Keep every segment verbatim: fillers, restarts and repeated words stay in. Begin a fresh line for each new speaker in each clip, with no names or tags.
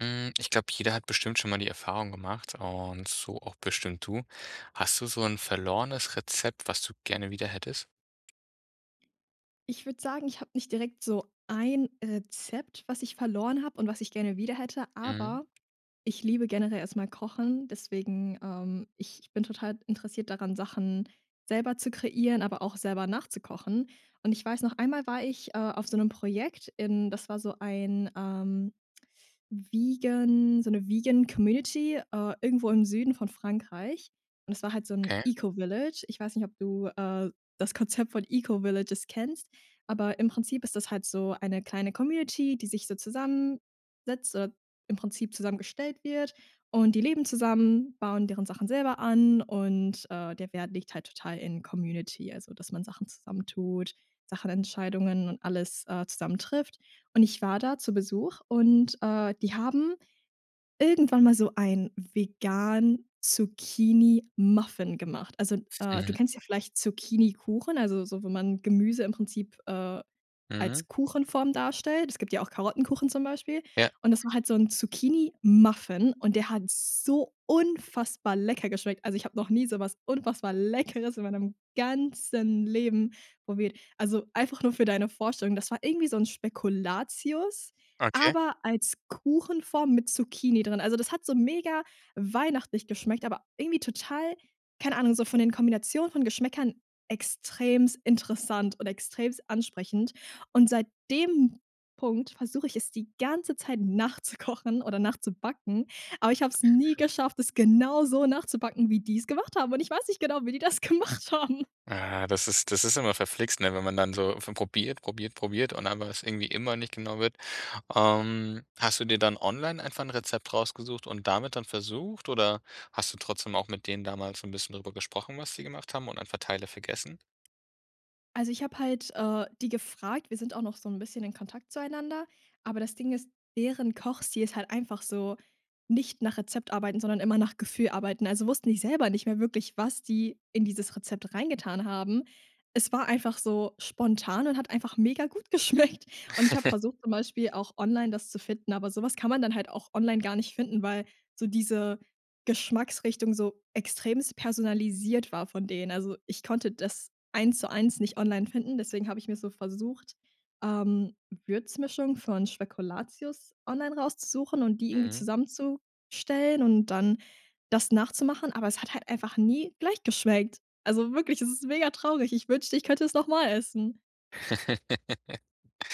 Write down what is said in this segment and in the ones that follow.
Hm, ich glaube, jeder hat bestimmt schon mal die Erfahrung gemacht und so auch bestimmt du. Hast du so 'n verlorenes Rezept, was du gerne wieder hättest?
Ich würde sagen, ich habe nicht direkt so ein Rezept, was ich verloren hab und was ich gerne wieder hätte,
Mhm.
aber ich liebe generell erst mal Kochen, deswegen, ähm, ich bin total interessiert daran, Sachen selber zu kreieren, aber auch selber nachzukochen. Und ich weiß noch einmal war ich, äh, auf so 'nem Projekt in das war so ein, ähm, vegan so 'ne vegan Community, äh, irgendwo im Süden von Frankreich. Und das war halt so 'n
Okay.
Eco-Village. Ich weiß nicht, ob du, äh, das Konzept von Eco-Villages kennst, aber im Prinzip ist das halt so eine kleine Community, die sich so zusammensetzt oder im Prinzip zusammengestellt wird. Und die leben zusammen, bauen deren Sachen selber an und, äh, der Wert liegt halt total in Community, also dass man Sachen zusammen tut, Sachen Entscheidungen und alles äh zusammen trifft. Und ich war da zu Besuch und, äh, die haben irgendwann mal so ein vegan Zucchini-Muffin gemacht. Also, äh, du
Mhm.
kennst ja vielleicht Zucchinikuchen, also so, wenn man Gemüse im Prinzip, äh,
Mhm.
als Kuchenform darstellt. Es gibt ja auch Karottenkuchen zum Beispiel.
Ja.
Und das macht halt so 'n Zucchinimuffin und der hat so unfassbar lecker geschmeckt. Also ich habe noch nie so was unfassbar Leckeres in meinem ganzen Leben probiert. Also einfach nur für deine Vorstellung, das war irgendwie so 'n Spekulatius,
Okay.
aber als Kuchenform mit Zucchini drin. Also das hat so mega weihnachtlich geschmeckt, aber irgendwie total- keine Ahnung- so von den Kombinationen von Geschmäckern extrem interessant und extrem ansprechend. Und seit dem Punkt, versuche ich es die ganze Zeit nachzukochen oder nachzubacken, aber ich habe es nie geschafft, es genauso nachzubacken, wie die's gemacht haben. Und ich weiß nicht genau, wie die das gemacht haben.
Ah das ist das ist immer verflixt, ne? Wenn man dann so von probiert, probiert, probiert und einfach es irgendwie immer nicht genau wird. Ähm, hast du dir dann online einfach 'n Rezept rausgesucht und damit dann versucht oder hast du trotzdem auch mit denen damals so 'n bisschen darüber gesprochen, was sie gemacht haben und einfach Teile vergessen?
Also, ich habe halt, äh, die gefragt. Wir sind auch noch so 'n bisschen in Kontakt zueinander, aber das Ding ist, deren Kochstil ist halt einfach so nicht nach Rezept arbeiten, sondern immer nach Gefühl arbeiten. Also wussten die selber nicht mehr wirklich, was die in dieses Rezept reingetan haben. Es war einfach so spontan und hat einfach mega gut geschmeckt. Und ich habe versucht zum Beispiel auch online, das zu finden, aber so was kann man dann halt auch online gar nicht finden, weil so diese Geschmacksrichtung so extremst personalisiert war von denen. Also, ich konnte das eins zu eins nicht online finden, deswegen habe ich mir so versucht, ähm, Würzmischung von Spekulatius online rauszusuchen und die irgendwie
Mhm.
zusammenzustellen und dann das nachzumachen, aber es hat halt einfach nie gleich geschmeckt. Also wirklich, es ist mega traurig. Ich wünschte, ich könnte es noch mal essen.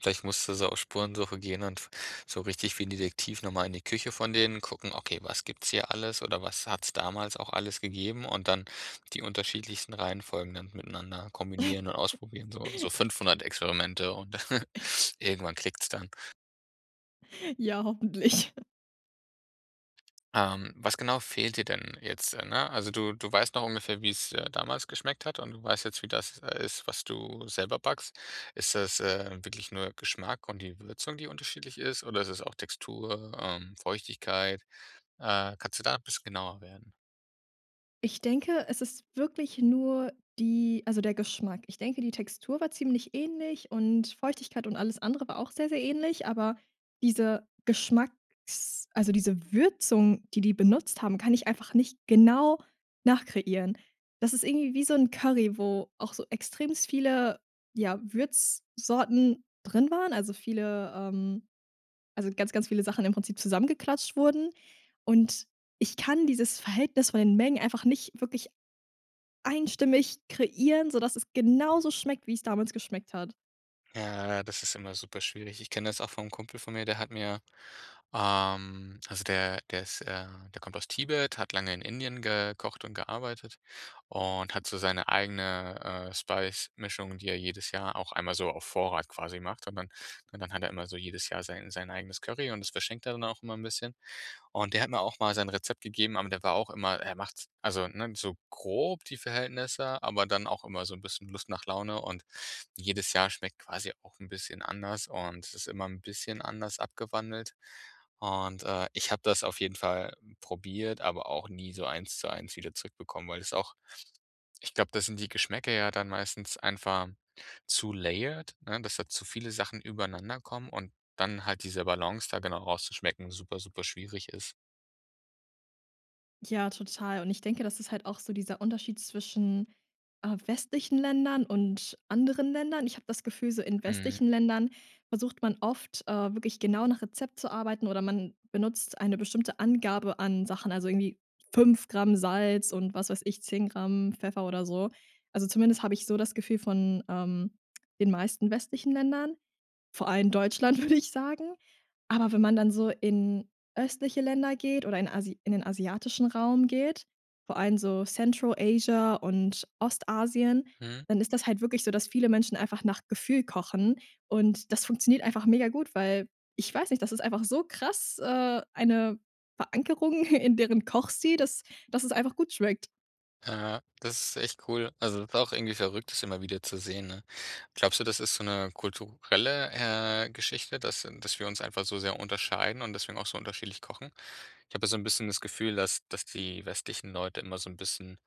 Vielleicht musst du so auf Spurensuche gehen und so richtig wie 'n Detektiv noch mal in die Küche von denen gucken: “Okay, was gibt's hier alles oder was hat's damals auch alles gegeben?” Und dann die unterschiedlichsten Reihenfolgen dann miteinander kombinieren und ausprobieren, so so fünfhundert Experimente und irgendwann klickt's dann.
Ja, hoffentlich.
Ähm, was genau fehlt dir denn jetzt, ne? Also du du weißt noch ungefähr, wie's, äh, damals schmeckt hat und du weißt jetzt, wie das ist, was du selber backst. Ist das, äh, wirklich nur Geschmack und die Würzung, die unterschiedlich ist oder ist es auch Textur, ähm, Feuchtigkeit, äh, kannst du da 'n bisschen genauer werden?
Ich denke, es ist wirklich nur die also der Geschmack. Ich denke, die Textur war ziemlich ähnlich und Feuchtigkeit und alles andere war auch sehr, sehr ähnlich, aber diese Geschmacks also diese Würzung, die die benutzt haben, kann ich einfach nicht genau nachkreieren. Das ist irgendwie wie so 'n Curry, wo auch so extremst viele, ja, Würzsorten drin waren, also viele ähm, also ganz, ganz viele Sachen im Prinzip zusammengeklatscht wurden. Und ich kann dieses Verhältnis von den Mengen einfach nicht wirklich einstimmig kreieren, sodass es genauso schmeckt, wie es damals geschmeckt hat.
Ja, das ist immer super schwierig. Ich kenne das auch vom Kumpel von mir, der hat mir ähm, also der der ist, äh der kommt aus Tibet, hat lange in Indien gekocht und gearbeitet und hat so seine eigene, äh, Spice Mischung, die er jedes Jahr auch einmal so auf Vorrat quasi macht. Und dann und dann hat er immer so jedes Jahr sein sein eigenes Curry und das verschenkt er dann auch immer 'n bisschen. Und der hat mir auch mal sein Rezept gegeben, aber der war auch immer er macht's also, ne, so grob die Verhältnisse, aber dann auch immer so 'n bisschen Lust nach Laune. Und jedes Jahr schmeckt quasi auch 'n bisschen anders und es ist immer 'n bisschen anders abgewandelt. Und, äh, ich habe das auf jeden Fall probiert, aber auch nie so eins zu eins wieder zurückbekommen, weil das auch ich glaube, da sind die Geschmäcker ja dann meistens einfach zu layered, ne, dass da zu viele Sachen übereinanderkommen und dann halt diese Balance da genau rauszuschmecken super, super, schwierig ist.
Ja, total. Und ich denke, das ist halt auch so dieser Unterschied zwischen, äh, westlichen Ländern und anderen Ländern. Ich habe das Gefühl, so in
Mhm.
westlichen Ländern versucht man oft, äh, wirklich genau nach Rezept zu arbeiten oder man benutzt eine bestimmte Angabe an Sachen, also irgendwie fünf Gramm Salz und was weiß ich, zehn Gramm Pfeffer oder so. Also, zumindest habe ich so das Gefühl von, ähm, den meisten westlichen Ländern, vor allem Deutschland, würde ich sagen. Aber wenn man dann so in östliche Länder geht oder in asi in den asiatischen Raum geht, vor allem so Central-Asia und Ostasien,
Mhm.
dann ist das halt wirklich so, dass viele Menschen einfach nach Gefühl kochen, und das funktioniert einfach mega gut, weil ich weiß nicht, das ist einfach so krass, äh, eine Verankerung, in deren Kochstil, dass dass es einfach gut schmeckt.
Ja, das ist echt cool. Also, das ist auch irgendwie verrückt, das immer wieder zu sehen, ne? Glaubst du, das ist so 'ne kulturelle, äh, Geschichte, dass äh, dass wir uns einfach so sehr unterscheiden und deswegen auch so unterschiedlich kochen? Ich habe ja so 'n bisschen das Gefühl, dass dass die westlichen Leute immer so 'n bisschen,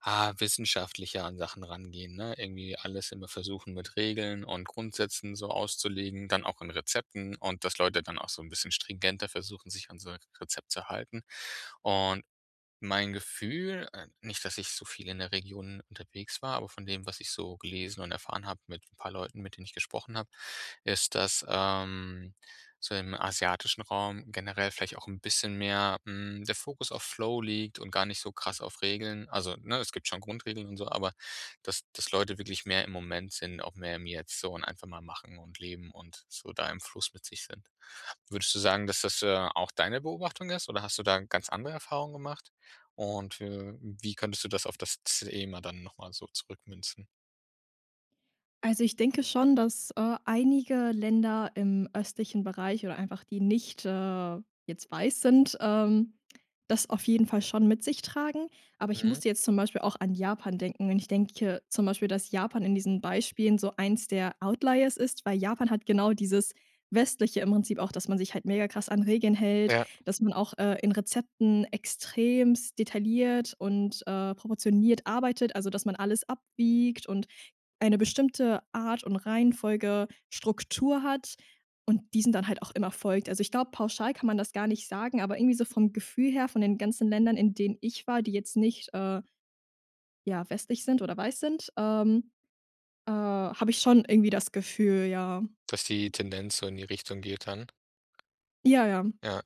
ah, wissenschaftlicher an Sachen rangehen, ne? Irgendwie alles immer versuchen, mit Regeln und Grundsätzen so auszulegen, dann auch in Rezepten, und dass Leute dann auch so 'n bisschen stringenter versuchen, sich an so 'n Rezept zu halten. Und mein Gefühl, äh- nicht, dass ich so viel in der Region unterwegs war- aber von dem, was ich so gelesen und erfahren habe mit 'n paar Leuten, mit denen ich gesprochen habe, ist, dass, ähm, so im asiatischen Raum generell vielleicht auch 'n bisschen mehr, hm, der Fokus auf Flow liegt und gar nicht so krass auf Regeln. Also, ne, es gibt schon Grundregeln und so, aber dass dass Leute wirklich mehr im Moment sind, auch mehr im Jetzt so und einfach mal machen und leben und so da im Fluss mit sich sind. Würdest du sagen, dass das, äh, auch deine Beobachtung ist, oder hast du da ganz andere Erfahrungen gemacht? Und, we wie könntest du das auf das z Thema dann noch mal so zurückmünzen?
Also, ich denke schon, dass, äh, einige Länder im östlichen Bereich oder einfach, die nicht, äh, jetzt weiß sind, ähm, das auf jeden Fall schon mit sich tragen. Aber ich
Mhm.
musste jetzt zum Beispiel auch an Japan denken. Und ich denke zum Beispiel, dass Japan in diesen Beispielen so eins der Outliers ist, weil Japan hat genau dieses Westliche im Prinzip auch, dass man sich halt megakrass an Regeln hält,
Ja.
dass man auch, äh, in Rezepten extremst detailliert und, äh, proportioniert arbeitet, also dass man alles abwiegt und eine bestimmte Art und Reihenfolge Struktur hat und diesen dann halt auch immer folgt. Also ich glaube, pauschal kann man das gar nicht sagen, aber irgendwie so vom Gefühl her, von den ganzen Ländern, in denen ich war, die jetzt nicht, äh, ja, westlich sind oder weiß sind, ähm, äh, habe ich schon irgendwie das Gefühl, ja.
Dass die Tendenz so in die Richtung geht dann?
Ja, ja.
Ja,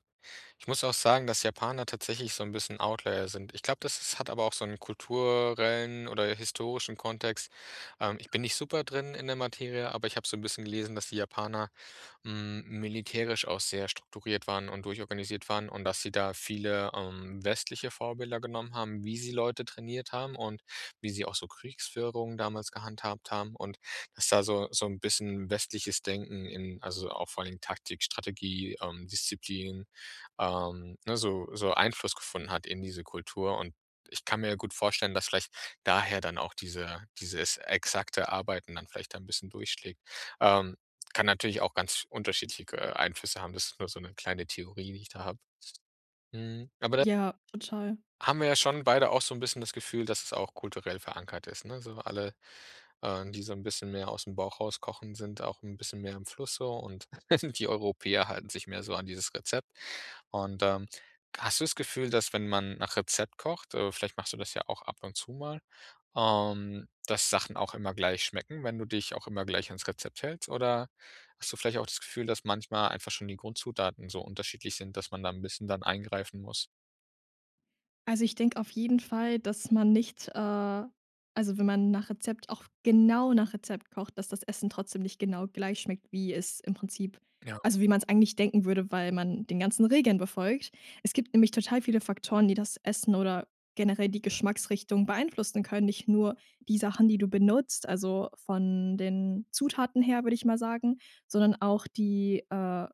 ich muss auch sagen, dass Japaner tatsächlich so 'n bisschen Outlier sind. Ich glaube, das ist hat aber auch so 'n kulturellen oder historischen Kontext. Ähm, ich bin nicht super drin in der Materie, aber ich hab so 'n bisschen gelesen, dass die Japaner, hm, militärisch auch sehr strukturiert waren und durchorganisiert waren und dass sie da viele, ähm, westliche Vorbilder genommen haben, wie sie Leute trainiert haben und wie sie auch so Kriegsführungen damals gehandhabt haben. Und dass da so so 'n bisschen westliches Denken in, also auch vor allen Dingen Taktik, Strategie, ähm, Disziplin, ähm, ne, so so Einfluss gefunden hat in diese Kultur. Und ich kann mir ja gut vorstellen, dass vielleicht daher dann auch diese dieses exakte Arbeiten dann vielleicht da 'n bisschen durchschlägt. Ähm, kann natürlich auch ganz sch unterschiedliche ge Einflüsse haben. Das ist nur so 'ne kleine Theorie, die ich da habe. Hm, aber da
Ja, total.
haben wir ja schon beide auch so 'n bisschen das Gefühl, dass es auch kulturell verankert ist, ne? Also alle, äh, die so 'n bisschen mehr ausm Bauch raus kochen, sind auch 'n bisschen mehr im Fluss so, und die Europäer halten sich mehr so an dieses Rezept. Und, ähm, hast du das Gefühl, dass wenn man nach Rezept kocht, äh, vielleicht machst du das ja auch ab und zu mal, ähm, dass Sachen auch immer gleich schmecken, wenn du dich auch immer gleich ans Rezept hältst? Oder hast du vielleicht auch das Gefühl, dass manchmal einfach schon die Grundzutaten so unterschiedlich sind, dass man da 'n bisschen dann eingreifen muss?
Also, ich denke auf jeden Fall, dass man nicht, äh also, wenn man nach Rezept auch genau nach Rezept kocht, dass das Essen trotzdem nicht genau gleich schmeckt, wie es im Prinzip
Ja.
also wie man's eigentlich denken würde, weil man den ganzen Regeln befolgt. Es gibt nämlich total viele Faktoren, die das Essen oder generell die Geschmacksrichtung beeinflussen können. Nicht nur die Sachen, die du benutzt, also von den Zutaten her, würde ich mal sagen, sondern auch die, äh,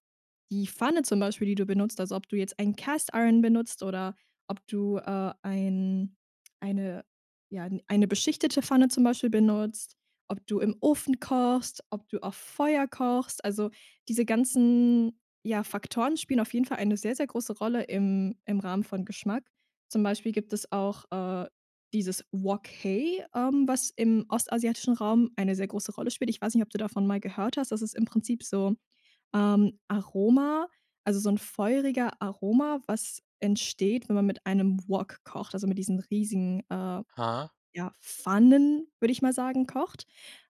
die Pfanne zum Beispiel, die du benutzt. Also ob du jetzt einen Cast-Iron benutzt oder ob du, äh, ein eine, ja, eine beschichtete Pfanne zum Beispiel benutzt, ob du im Ofen kochst, ob du auf Feuer kochst. Also diese ganzen, ja, Faktoren spielen auf jeden Fall eine sehr, sehr große Rolle im im Rahmen von Geschmack. Zum Beispiel gibt es auch, äh, dieses Wok hei, ähm, was im ostasiatischen Raum eine sehr große Rolle spielt. Ich weiß nicht, ob du davon mal gehört hast, das ist im Prinzip so, ähm, Aroma, also so 'n feuriger Aroma, was entsteht, wenn man mit einem Wok kocht, also mit diesen riesigen, äh,
Hm.
ja, Pfannen, würde ich mal sagen, kocht.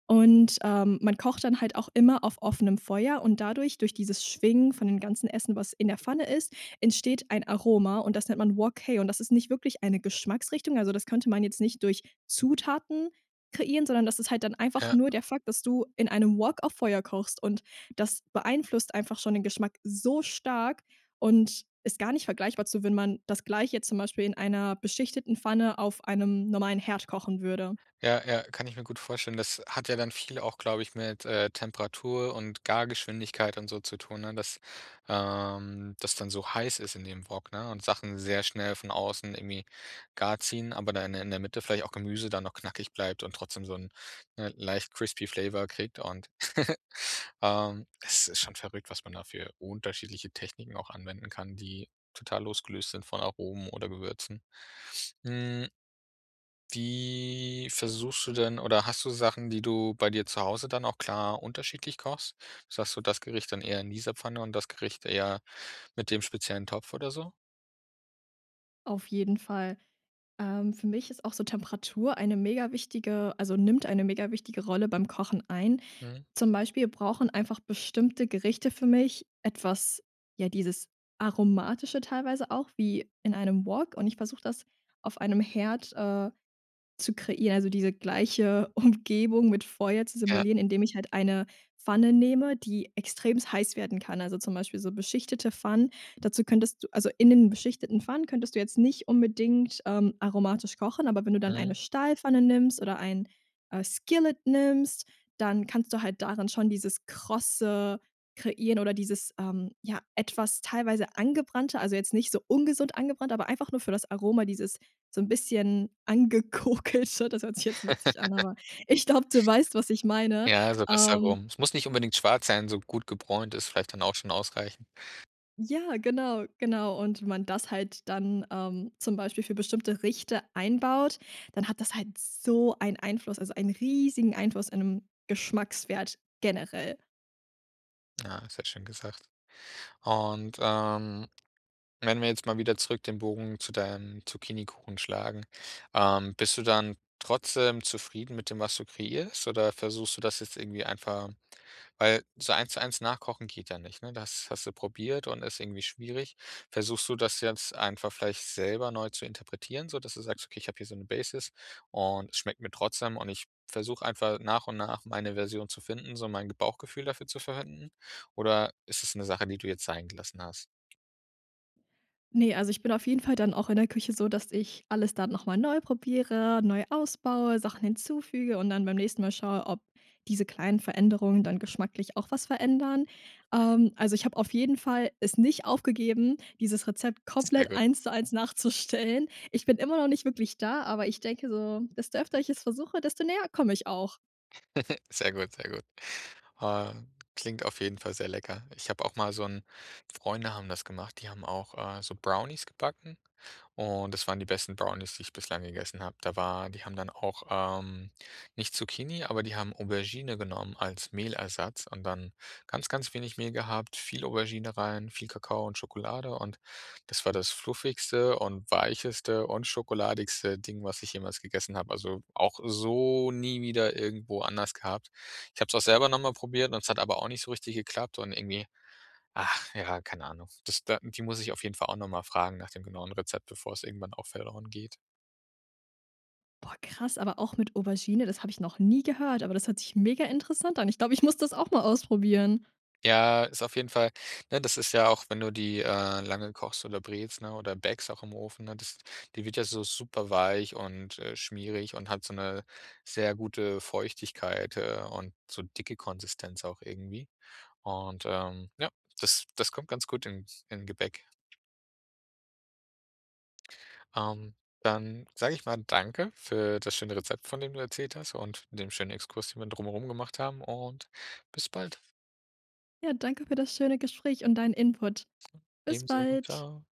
Und, ähm, man kocht dann halt auch immer auf offenem Feuer und dadurch durch dieses Schwingen von dem ganzen Essen, was in der Pfanne ist, entsteht ein Aroma und das nennt man Wok hei und das ist nicht wirklich eine Geschmacksrichtung. Also, das könnte man jetzt nicht durch Zutaten kreieren, sondern das ist halt dann einfach
Ja.
nur der Fakt, dass du in einem Wok auf Feuer kochst und das beeinflusst einfach schon den Geschmack so stark und ist gar nicht vergleichbar zu, wenn man das Gleiche zum Beispiel in einer beschichteten Pfanne auf einem normalen Herd kochen würde.
Ja, ja, kann ich mir gut vorstellen. Das hat ja dann viel auch, glaube ich, mit, äh, Temperatur und Gargeschwindigkeit und so zu tun, ne? Dass, äh, das dann so heiß ist in dem Wok, ne? Und Sachen sehr schnell von außen irgendwie gar ziehen, aber dann in der in der Mitte vielleicht auch Gemüse dann noch knackig bleibt und trotzdem so 'n, ne, leicht crispy flavour kriegt und, ähm, es ist schon verrückt, was man da für unterschiedliche Techniken auch anwenden kann, die total losgelöst sind von Aromen oder Gewürzen. Hm wie versuchst du denn oder hast du Sachen, die du bei dir zu Hause dann auch klar unterschiedlich kochst? S dass du das Gericht dann eher in dieser Pfanne und das Gericht eher mit dem speziellen Topf oder so?
Auf jeden Fall. Ähm, für mich ist auch so Temperatur eine megawichtige also nimmt eine megawichtige Rolle beim Kochen ein.
Mhm.
Zum Beispiel brauchen einfach bestimmte Gerichte für mich etwas, ja, dieses Aromatische teilweise auch wie in einem Wok, und ich versuche das auf einem Herd, äh, zu kreieren, also diese gleiche Umgebung mit Feuer zu
Ja.
simulieren, indem ich halt eine Pfanne nehme, die extremst heiß werden kann, also zum Beispiel so beschichtete Pfannen. Dazu könntest du also in den beschichteten Pfannen könntest du jetzt nicht unbedingt, ähm, aromatisch kochen, aber wenn du dann eine
Mhm.
Stahlpfanne nimmst oder ein, äh, Skillet nimmst, dann kannst du halt daran schon dieses Krosse kreieren oder dieses, ähm, ja, etwas teilweise angebrannte, also jetzt nicht so ungesund angebrannt, aber einfach nur für das Aroma, dieses so 'n bisschen angekokelte. Das hört sich jetzt witzig an, aber ich glaube, du weißt, was ich meine,
Ja, so das
ähm
herum. Es muss nicht unbedingt schwarz sein, so gut gebräunt ist vielleicht dann auch schon ausreichend.
Ja, genau, genau. Und wenn man das halt dann, ähm, zum Beispiel für bestimmte Gerichte einbaut, dann hat das halt so einen Einfluss, also einen riesigen Einfluss in dem Geschmackswert generell.
Ja, sehr schön gesagt. Und, ähm, wenn wir jetzt mal wieder zurück den Bogen zu deinem Zucchinikuchen schlagen, ähm, bist du dann trotzdem zufrieden mit dem, was du kreierst oder versuchst du das jetzt irgendwie einfach weil so eins zu eins nachkochen geht ja nicht, ne? Das hast du probiert und ist irgendwie schwierig. Versuchst du das jetzt einfach vielleicht selber neu zu interpretieren, sodass du sagst: „Okay, ich habe hier so 'ne Basis, und es schmeckt mir trotzdem, und ich versuche einfach nach und nach meine Version zu finden, so mein Bauchgefühl dafür zu verwenden“? Oder ist es 'ne Sache, die du jetzt sein gelassen hast?
Ne, also ich bin auf jeden Fall dann auch in der Küche so, dass ich alles dann noch mal neu probiere, neu ausbaue, Sachen hinzufüge und dann beim nächsten Mal schaue, ob diese kleinen Veränderungen dann geschmacklich auch was verändern.
Mhm.
Ähm, also ich habe auf jeden Fall es nicht aufgegeben, dieses Rezept
Sehr
komplett
gut.
eins zu eins nachzustellen. Ich bin immer noch nicht wirklich da, aber ich denke so, desto öfter ich es versuche, desto näher komme ich auch.
Sehr gut, sehr gut. Ähm, klingt auf jeden Fall sehr lecker. Ich habe auch mal so 'n Freunde haben das gemacht, die haben auch, äh, so Brownies gebacken, und das waren die besten Brownies, die ich bislang gegessen habe. Da war die haben dann auch, ähm, nicht Zucchini aber die haben Aubergine genommen als Mehlersatz und dann ganz, ganz wenig Mehl gehabt, viel Aubergine rein, viel Kakao und Schokolade. Und das war das fluffigste und weicheste und schokoladigste Ding, was ich jemals gegessen habe. Also, auch so nie wieder irgendwo anders gehabt. Ich habe es auch selber noch mal probiert, und es hat aber auch nicht so richtig geklappt und irgendwie ach ja, keine Ahnung. Das da die muss ich auf jeden Fall auch noch mal fragen nach dem genauen Rezept, bevor es irgendwann auch verloren geht.
Boah, krass, aber auch mit Aubergine, das habe ich noch nie gehört, aber das hört sich mega interessant an. Ich glaube, ich muss das auch mal ausprobieren.
Ja, ist auf jeden Fall ne, das ist ja auch, wenn du die, äh, lange kochst oder brätst, ne, oder bäckst auch im Ofen, ne, das die wird ja so superweich und, äh, schmierig und hat so 'ne sehr gute Feuchtigkeit, äh, und so dicke Konsistenz auch irgendwie. Und, ähm, ja, das das kommt ganz gut in in Gebäck. Ähm, dann sage ich mal danke für das schöne Rezept, von dem du erzählt hast und dem schönen Exkurs, den wir drum herum gemacht haben und bis bald.
Ja, danke für das schöne Gespräch und deinen Input. Bis
Ebenso,
bald.
tschau.